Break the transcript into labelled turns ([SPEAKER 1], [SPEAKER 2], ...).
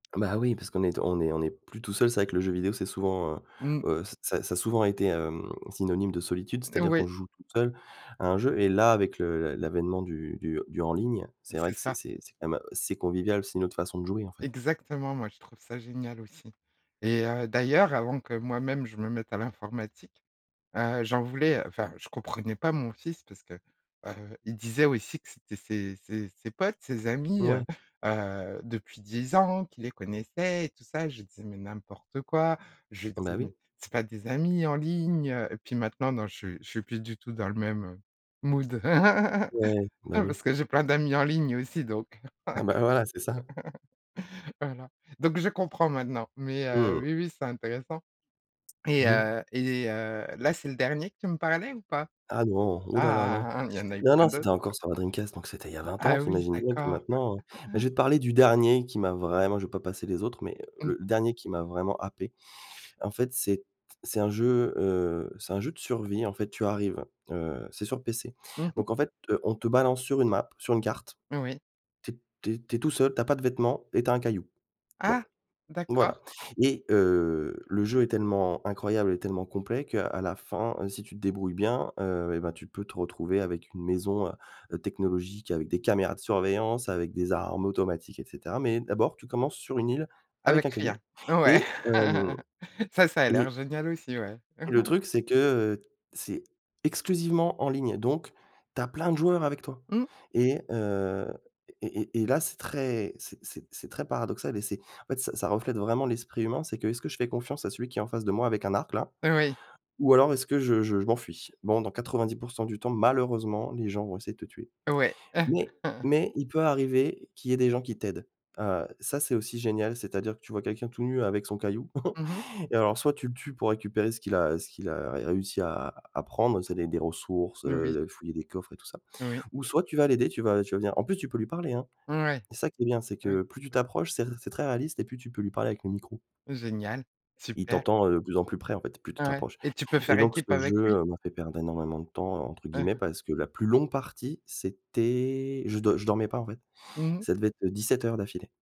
[SPEAKER 1] Ah, bah, oui, parce qu'on est t on est on est plus tout seul. C'est vrai que le jeu vidéo c'est souvent, heu,
[SPEAKER 2] Mmh.
[SPEAKER 1] heu, ça ça a souvent été, hem, synonyme de solitude,
[SPEAKER 2] N
[SPEAKER 1] c'est-à-dire qu'on
[SPEAKER 2] oui.
[SPEAKER 1] joue tout seul à un jeu et là, avec le l'avènement du du du «en ligne»,
[SPEAKER 2] Bah,
[SPEAKER 1] c'est vrai
[SPEAKER 2] c'est
[SPEAKER 1] que c'est
[SPEAKER 2] ça.
[SPEAKER 1] c'est c'est quand même, c'est convivial, c'est une autre façon de jouer, en fait.
[SPEAKER 2] Exactement, moi, je trouve ça génial aussi et heu, d'ailleurs, avant que moi-même je me mette à l'informatique, heu, j'en voulais enfin, je comprenais pas mon fils parce que, heu, il disait aussi que c'était ses ses ses potes, ses amis, heu,
[SPEAKER 1] Ouais.
[SPEAKER 2] heu, depuis 10 ans, qu'il les connaissaient et tout ça et je disais: «Mais n'importe quoi!», je
[SPEAKER 1] Bah,
[SPEAKER 2] disais:
[SPEAKER 1] oui.
[SPEAKER 2] «Mais c'est pas des amis en ligne!», heu, et puis maintenant, non, je suis je suis plus du tout dans le même mood
[SPEAKER 1] Ouais, bah, oui.
[SPEAKER 2] parce que j'ai plein d'amis en ligne aussi donc heu,
[SPEAKER 1] Ah, bah, voilà, c'est ça.
[SPEAKER 2] voilà, donc je comprends maintenant mais heu,
[SPEAKER 1] Mmh.
[SPEAKER 2] oui, oui, c'est intéressant et
[SPEAKER 1] Mmh mh.
[SPEAKER 2] heu, et heu, là, c'est le dernier que tu me parlais ou pas?
[SPEAKER 1] Ah non, ouh là là, non.
[SPEAKER 2] Ah, ah, il y en a eu
[SPEAKER 1] Non,
[SPEAKER 2] plein
[SPEAKER 1] non, c'était
[SPEAKER 2] d'autres!
[SPEAKER 1] encore sur ma Dreamcast, donc c'était il y a 20 ans,
[SPEAKER 2] Ah
[SPEAKER 1] tu
[SPEAKER 2] oui,
[SPEAKER 1] imagines bien que
[SPEAKER 2] d'accord.
[SPEAKER 1] maintenant, heu, beh, je vais te parler du dernier qui m'a vraiment je vais pas passer les autres mais heu,
[SPEAKER 2] Mmh.
[SPEAKER 1] le dernier qui m'a vraiment happé, en fait, c'est t c'est un jeu, heu, c'est un jeu de survie. En fait, tu arrives, heu, c'est sur PC,
[SPEAKER 2] Mmh mh.
[SPEAKER 1] donc en fait, heu, on te balance sur une map, sur une carte.
[SPEAKER 2] Oui.
[SPEAKER 1] Tu es tu es tu es tout seul, tu as pas de vêtements et tu as un caillou. Bon,
[SPEAKER 2] Ah!
[SPEAKER 1] voilà,
[SPEAKER 2] D'accord.
[SPEAKER 1] et heu, le jeu est tellement incroyable et tellement complet qu'à la fin, si tu te débrouilles bien, heu, eh ben, tu peux te retrouver avec une maison, heu heu, technologique avec des caméras de surveillance, avec des armes automatiques et cetera mais d'abord, tu commences sur une île avec un
[SPEAKER 2] Avec rien!
[SPEAKER 1] caillou,
[SPEAKER 2] Ouais,
[SPEAKER 1] et hem,
[SPEAKER 2] ça ça a l'air
[SPEAKER 1] et
[SPEAKER 2] génial aussi, ouais.
[SPEAKER 1] et le truc c'est que, heu, c'est exclusivement en ligne, donc tu as plein de joueurs avec toi
[SPEAKER 2] Mmh.
[SPEAKER 1] et heu, et et et là, c'est très c'est c'est c'est très paradoxal et c'est en fait, ça ça reflète vraiment l'esprit humain, c'est que «Est-ce que je fais confiance à celui qui est en face de moi avec un arc, là?»
[SPEAKER 2] Oui.
[SPEAKER 1] ou alors «Est-ce que je je je m'enfuis?», bon, dans 90 % du temps, malheureusement, les gens vont essayer de te tuer
[SPEAKER 2] Ouais.
[SPEAKER 1] mais mais il peut arriver qu'il y ait des gens qui t'aident, heu, ça, c'est aussi génial, c'est-à-dire que tu vois quelqu'un tout nu avec son caillou
[SPEAKER 2] Mmh mh.
[SPEAKER 1] et alors soit tu le tues pour récupérer ce qu'il a, heu, ce qu'il a ré réussi à à prendre, c'est des des ressources,
[SPEAKER 2] Mmh. Oui.
[SPEAKER 1] heu, fouiller des coffres et tout ça
[SPEAKER 2] Oui.
[SPEAKER 1] ou soit tu vas l'aider, tu vas tu vas venir, en plus, tu peux lui parler, hein!
[SPEAKER 2] Ouais.
[SPEAKER 1] C'est ça qui est bien, c'est
[SPEAKER 2] Oui.
[SPEAKER 1] que plus tu t'approches, c'est ré c'est très réaliste et plus tu peux lui parler avec le micro
[SPEAKER 2] Génial!
[SPEAKER 1] et il
[SPEAKER 2] Super!
[SPEAKER 1] t'entend, heu, de plus en plus près, en fait, plus tu te
[SPEAKER 2] Ouais,
[SPEAKER 1] rapproches
[SPEAKER 2] et tu peux
[SPEAKER 1] et
[SPEAKER 2] faire
[SPEAKER 1] donc
[SPEAKER 2] équipe
[SPEAKER 1] ce jeu,
[SPEAKER 2] avec lui?
[SPEAKER 1] heu, m'a fait «perdre énormément de temps» entre
[SPEAKER 2] Hein
[SPEAKER 1] guillemets
[SPEAKER 2] hein.
[SPEAKER 1] parce que la plus longue partie c'était je dor je dormais pas, en fait.
[SPEAKER 2] Mmh mh.
[SPEAKER 1] Ça devait être, heu, 17 heures d'affilée.